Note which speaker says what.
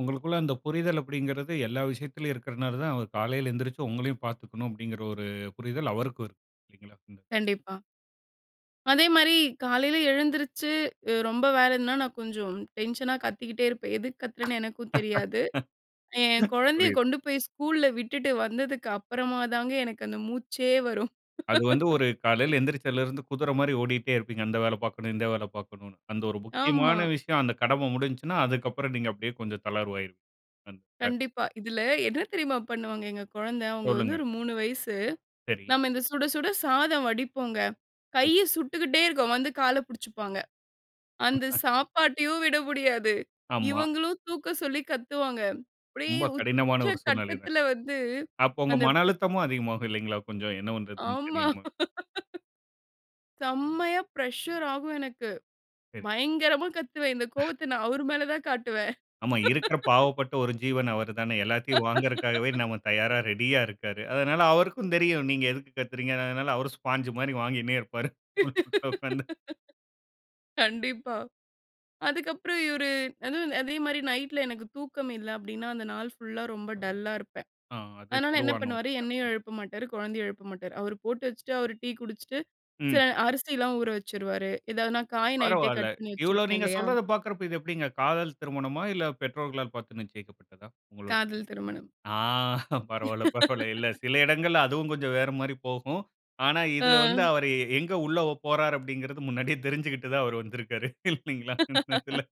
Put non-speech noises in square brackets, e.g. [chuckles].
Speaker 1: உங்களுக்குள்ள அந்த புரிதல் அப்படிங்கிறது எல்லா விஷயத்திலயும் இருக்கிறதனால தான், அவர் "காலையில எழுந்திரிச்சு உங்களையும் பாத்துக்கணும்" அப்படிங்கிற ஒரு புரிதல் அவருக்கும் இருக்கு.
Speaker 2: கண்டிப்பா. அதே மாரி காலையில எழுந்திரிச்சு அ ரொம்ப வேலைன்னா, நான் கொஞ்சம் டென்ஷனா கத்திக்கிட்டே இருப்பேன். எதுக்கு
Speaker 1: [laughs]
Speaker 2: கத்துறேன்னு எனக்கும் தெரியாது. என் கொழந்தைய
Speaker 1: புரியுது.
Speaker 2: கொண்டு போய் ஸ்கூல்ல விட்டுட்டு வந்ததுக்கு அப்புறமா தாங்க எனக்கு அந்த மூச்சே வரும்.
Speaker 1: அது வந்து
Speaker 2: [laughs]
Speaker 1: ஒரு காலையில எழுந்திரிச்சதுல இருந்து குதிரை மாரி ஓடிட்டே இருப்பீங்க. அந்த வேலை பாக்கணும், இந்த வேலை பாக்கணும்ன்னு. அந்த ஒரு
Speaker 2: ஆமா.
Speaker 1: முக்கியமான விஷயம், அந்த கடமை முடிஞ்சுச்சுனா, அதுக்கப்புறம் நீங்க அப்படியே கொஞ்சம் தளர்வாயிருவீங்க. அந்த இதுல.
Speaker 2: கண்டிப்பா. இதில, என்ன தெரியுமா பண்ணுவாங்க எங்க கொழந்த? அவுங்க வந்து
Speaker 1: சொல்லுங்க.
Speaker 2: ஒரு 3 வயசு.
Speaker 1: சரி.
Speaker 2: நம்ம இந்த சுட, சுட சாதம் வடிப்போங்க.
Speaker 1: சரி.
Speaker 2: கைய சுட்டுக்கிட்டே இருக்கும். வந்து கால புடிச்சுப்பாங்க. அந்த
Speaker 1: [laughs]
Speaker 2: சாப்பாட்டையும் விட முடியாது.
Speaker 1: ஆமா.
Speaker 2: இவங்களும் தூக்க சொல்லி கத்துவாங்க. அப்டியே
Speaker 1: ரொம்ப கடினமான ஒரு சூழ்நிலை தான்.
Speaker 2: உச்சகட்டத்தில வந்து
Speaker 1: அப்போ உங்க
Speaker 2: அந்த
Speaker 1: மன
Speaker 2: ப்
Speaker 1: அழுத்தமும் அதிகமாகும் இல்லைங்களா? கொஞ்சம். என்ன பண்றதுன்னு
Speaker 2: ஆமா.
Speaker 1: தெரியாம!
Speaker 2: [laughs] செம்மையா பிரஷர் ஆகும் எனக்கு.
Speaker 1: சரி.
Speaker 2: பயங்கரமா கத்துவேன் இந்த
Speaker 1: [chuckles]
Speaker 2: கோவத்த நான் அவர் மேல தான் காட்டுவேன்.
Speaker 1: ஆமா இருக்குற
Speaker 2: [laughs]
Speaker 1: பாவப்பட்ட ஒரு ஜீவன் அவர் தானே, எல்லாததையும் வாங்குறக்காகவே நாம தயாரா
Speaker 2: [laughs]
Speaker 1: ரெடியா இருக்காரு. அதனால அவருக்கும் தெரியும். நீங்க எதுக்கு கத்துறீங்க. அதனால அவரும் ஸ்பான்ஜ் மாரி வாங்கினே இருப்பாரு. உள்ள உக்கார்ந்து.
Speaker 2: [laughs] கண்டிப்பா அதுக்கப்புறம் இவரு அதுவும் அதேமாரி நைட்ல எனக்கு தூக்கம் இல்ல அப்டின்னா, அந்த நாள் ஃபுல்லா ரொம்ப டல்லா இருப்பேன்.
Speaker 1: ஆ அது
Speaker 2: அதனால என்ன
Speaker 1: பொதுவான ஒரு
Speaker 2: பண்ணுவாரு,
Speaker 1: இதான்.
Speaker 2: என்னையும் எழுப்ப மாட்டாரு, குழந்தைய எழுப்ப மாட்டாரு. அவரு போட்டு வச்சுட்டு, அவரு டீ குடிச்சிட்டு,
Speaker 1: ம்.
Speaker 2: சில அரிசிலாம் ஊற வச்சுருவாரு. ஏதாவது நான் காய் நைட்டே
Speaker 1: பரவாயில.
Speaker 2: கட் பண்ணி
Speaker 1: இவ்வளவு
Speaker 2: வச்சிருப்பேன்
Speaker 1: நீங்க
Speaker 2: இல்லையா?
Speaker 1: சொல்றத பாக்குறப்போ, இது எப்டிங்க காதல் திருமணமா? இல்ல பெற்றோர்களால் பாத்து நிச்சயிக்கப்பட்டதா? உங்களோடையது.
Speaker 2: காதல் திருமணம்.
Speaker 1: ஆ! பரவால்ல, பரவால்ல இல்ல
Speaker 2: [laughs]
Speaker 1: சில இடங்கள்ல அதுவும் கொஞ்சம் வேற மாரி போகும். ஆனா இதில வந்து
Speaker 2: அ.
Speaker 1: அவரு எ எங்க உள்ள போறாரு அப்டின்கிறது முன்னாடியே தெரிஞ்சுகிட்டு தான் அவர் வந்திருக்காரு. இல்லைங்களா? இந்த இதுல.
Speaker 2: [laughs]